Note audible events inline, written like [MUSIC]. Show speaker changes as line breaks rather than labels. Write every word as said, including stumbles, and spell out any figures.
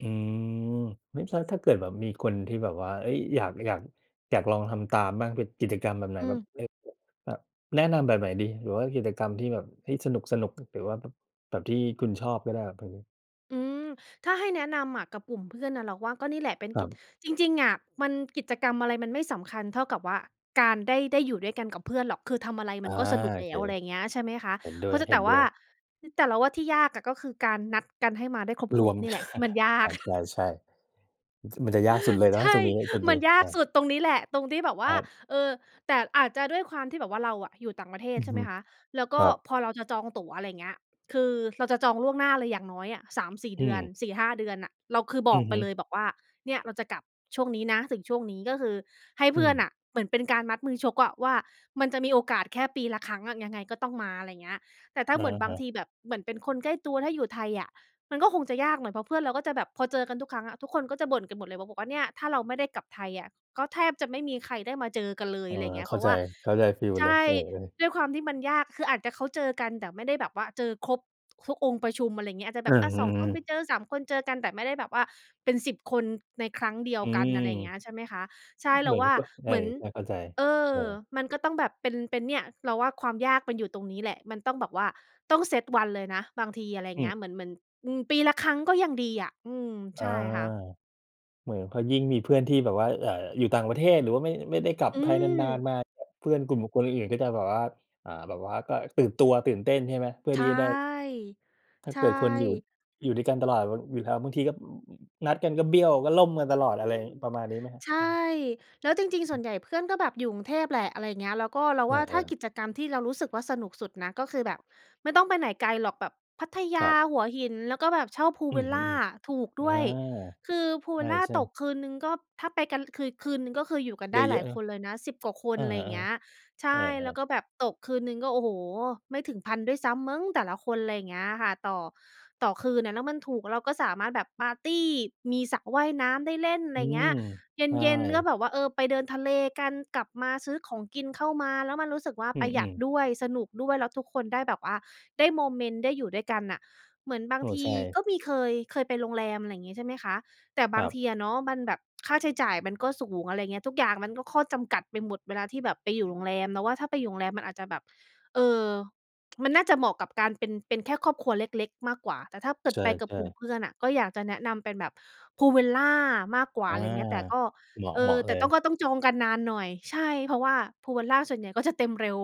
อืม ไม่ทราบถ้าเกิดแบบมีคนที่แบบว่า เฮ้ย อยาก อยาก อยากลองทำตามบ้าง เป็นกิจกรรมแบบไหน?
อ
แบ
ื
บ
ม
เฮ้ย แบบ เอ่อ แนะนำแบบไหนดี หรือว่ากิจกรรมที่แบบ ที่สนุก ๆ หรือว่าแบบ แบบที่คุณชอบก็ได้ เผื่อรู้
อืม ถ้าให้แนะนำอะกับกลุ่มเพื่อนน่ะ เราว่าก็นี่แหละเป็น
คร
ก
ั
ิจ
บ
จริง ๆ อะ มันกิจกรรมอะไรมันไม่สำคัญเท่ากับว่า การได้ ได้อยู่ด้วยกันกับเพื่อนหรอก คือทำอะไร
อ
มั
า
นก็สนุก
โอ
แล
เ
้
ค
ว อะไรอย่างเงี้ย ใช่ไหมคะ?
เห็นด้
เพ
ว
รา
ย
ะจะ
เห
แ
็
ต่
นด
ว
้
่
ว
า
ย
แต่เราว่าที่ยากอะ ก็คือการนัดกันให้มาได้ค
ร
ร
ว
บ
ม
ๆ นี่แหละที่มันย
[CHUCKLES]
า
อ
ก
า
[CHUCKLES]
ใช่ ๆ มัน มันจะยากสุดเ
[CHUCKLES]
ลยเน
ใ
า
ช
ะต
่
รงนี้ ตรง
[CHUCKLES] ม
น
ั
ี้
นยา
อ
ก
า
สุดตรงนี้แหละ ตรงที่แบบว
ค
่า
รับ
เออ แต่อาจจะด้วยความที่แบบว่า เราอะอยู่ต่างประเทศ
อือ
ใช่
ฮ
ไหม
ึ
คะ แล้วก
ค
็
รับ
พอเราจะจองตั๋ว อะไรอย่างเงี้ย คือเราจะจองล่วงหน้าเลย อย่างน้อยอะ สามสี่
อื
เดือน
ม
สี่ห้า เดือนน่ะ เราคือบ
อ
อ
ื
ก
อ
ไ
ฮ
ป
ึ
เลย บอกว่า "เนี่ย เราจะกลับช่วงนี้นะถึงช่วงนี้" ก็คือให้เ
อ
พื่อนน
ืม
่ะเหมือนเป็นการมัดมือชกอะ ว่ามันจะมีโอกาสแค่ปีละครั้งอะ ยังไงก็ต้องมา อะไรอย่างเงี้ย แต่ถ้า
อะ
เหมือนบ
ฮ
าง
ะ
ทีแบบเหมือนเป็นคนใกล้ตัว ถ้าอยู่ไทยอะมันก็คงจะยากหน่อย เพราะเพื่อนเราก็จะแบบ พอเจอกันทุกครั้งอะ ทุกคนก็จะบ่นกันหมดเลย บอกว่าเนี่ยถ้าเราไม่ได้กลับไทยอะ ก็แทบจะไม่มีใครได้มาเจอกันเล
เ
ย
ออ
อะไรอย่างเงี้
เ
ย
ข
เ
้
พร
า
าะ
ใ
ว
จ
่า
เข้าใจฟีล
ใช
เลย
่
เออ ๆ
ด้วยความที่มันยาก คืออาจจะเขาเจอกัน แต่ไม่ได้แบบว่าเจอครบทุกองค์ประชุม อะไรอย่างเงี้ย อาจจะแ
อื
บบ
ม
อะ
อื
สอง ค
อ
นไป
ๆ
เจอ สาม คนเจอกัน แต่ไม่ได้แบบว่าเป็น สิบ คนในครั้งเดียว
อื
กัน
ม
อะไรอย่างเงี้ย ใช่ไหมคะ ใช่ เ
เ
ร
หม
า
ือ
ว
น
่า
ก็ไม
เ
่
หมือน
ไม่เข้าใจ
เอ
เ
อ
ออ
มันก็ต้องแบบเป็น เป็นเนี่ย เราว่าความยากมันอยู่ตรงนี้แหละ มันต้องแบบว่าต้องเซตวันเลยนะบางที อะไรอย่
อ
า
ื
งเงี
ม
้ย เหมือน เหมือน อืม ปีละครั้งก็ยังดีอะ อืม
อ
ใช
า
่ค่ะ
เหมือนพอยิ่งมีเพื่อนที่แบบว่า อ่า อยู่ต่างประเทศ หรือว่าไม่ ไม่ได้กลับ
อื
ไทยนาน
ม
ๆ มา เพื่อนกลุ่มบุคคลอื่น ๆ ก็จะแบบว่า อา แบบว่าก็ตื่นตัว ตื่นเต้นใช่ไหม? เพื่อ
ใช
ที
่
่จะได้ ถ้า
ใช
เกิดคนอยู่
่
อยู่ด้วยกันตลอดแบบอยู่แล้ว บางทีก็ นัดกันก็เบี้ยว ก็ล่มกันตลอ
อ
ด
ื
อะไร
ม
ประมาณนี้ไหมครับ?
ใช่
ครับ
แล้วจริง ๆ
อ
ส่
ือฮึ
วนใหญ่ เพื่อนก็แบบอยู่กรุงเทพแหละ อะไรอย่างเงี้ย แล้วก็เรา
เอ
ว่าถ้า
อ
ก
ๆ
ิจกรรมที่เรารู้สึกว่าสนุกสุดนะ ก็คือแบบไม่ต้องไปไหนไกลหรอกแบบพัทย
คร
า
ับ
หัวหิน แล้วก็แบบเช่า Pool
อื
Villa
ม
ถู
ๆ
ก
ๆ อ
ด
า
้วย คือ Pool Villa
ใช่
ต
ๆ
กคืนหนึ่งก็ ถ้าไปกันคือ คืนหนึ่งก็คืออยู่กัน
เ
ไ
ย
ด้ห
อ
ลา
ะ
ย
ๆ เนา
ค
ะ
นเลยนะ สิบ กว่าค
เอ
น
อ
อะไร
อ
อย
ะ
่า
ฮ
ง
ะ
เงี้ย ใช
เออ
่ แล้ว
ๆ
ก็แบบตกคืนหนึ่งก็ โอ้โฮ ไม่ถึง พัน ด้วยซ้ำมั้งแต่ละคน อะไรอย่างเงี้ยค่ะ ต่อ ต่อคืนอะ แล้วมันถูก เราก็สามารถแบบปาร์ตี มีสระว่ายน้ำได้เล่น อะไ
อื
รอย่างเงี
ม
้ย เ
ใช
ย็น ๆ ก็
่
แบบว่า เออ ไปเดินทะเลกัน กลับมาซื้อของกินเข้ามา แล้วมันรู้สึกว่า
อื
ประหยัด
ม ๆ
ด้วย สนุกด้วย แล้วทุกคนได้แบบว่าได้โมเมนต์ ได้อยู่ด้วยกันน่ะ เหมือนบา
โอ
ง
้
ท
ใ
ี
ช่
ก็มีเคย เคยไปโรงแรม อะไรอย่างงี้ ใช่ไหมคะ แต่
ค
บ
ร
า
ั
ง
บ
ทีอะเนาะมันแบบค่าใช้จ่ายมันก็สูง อะไรเงี้ย ทุกอย่างมันก็ข้อจำกัดไปหมดเวลาที่แบบไปอยู่โรงแรม เราว่าถ้าไปอยู่โรงแรมมันอาจจะแบบ เออ มันน่าจะเหมาะกับการเป็น เป็นแค่ครอบครัวเล็ก ๆ มากกว่า แต่ถ้าเกิ
ใ
ด
ช
ไปกับ
่
กลุ่ม
ๆ
เพื่อนอะ ก็อยากจะแนะนำเป็นแบบ Pool Villa มากกว่
อ
า
า
อะไรอย่างเงี้ย แต่ก็
เหมาะ
เอ
เหมา
อ
ะเ
แต
ล
่ต้
ย
อง ก็ต้องจองกันนานหน่อย ใช่ เพราะว่า Pool Villa ส่วนใหญ่ ก็จะ เต็มเร็ว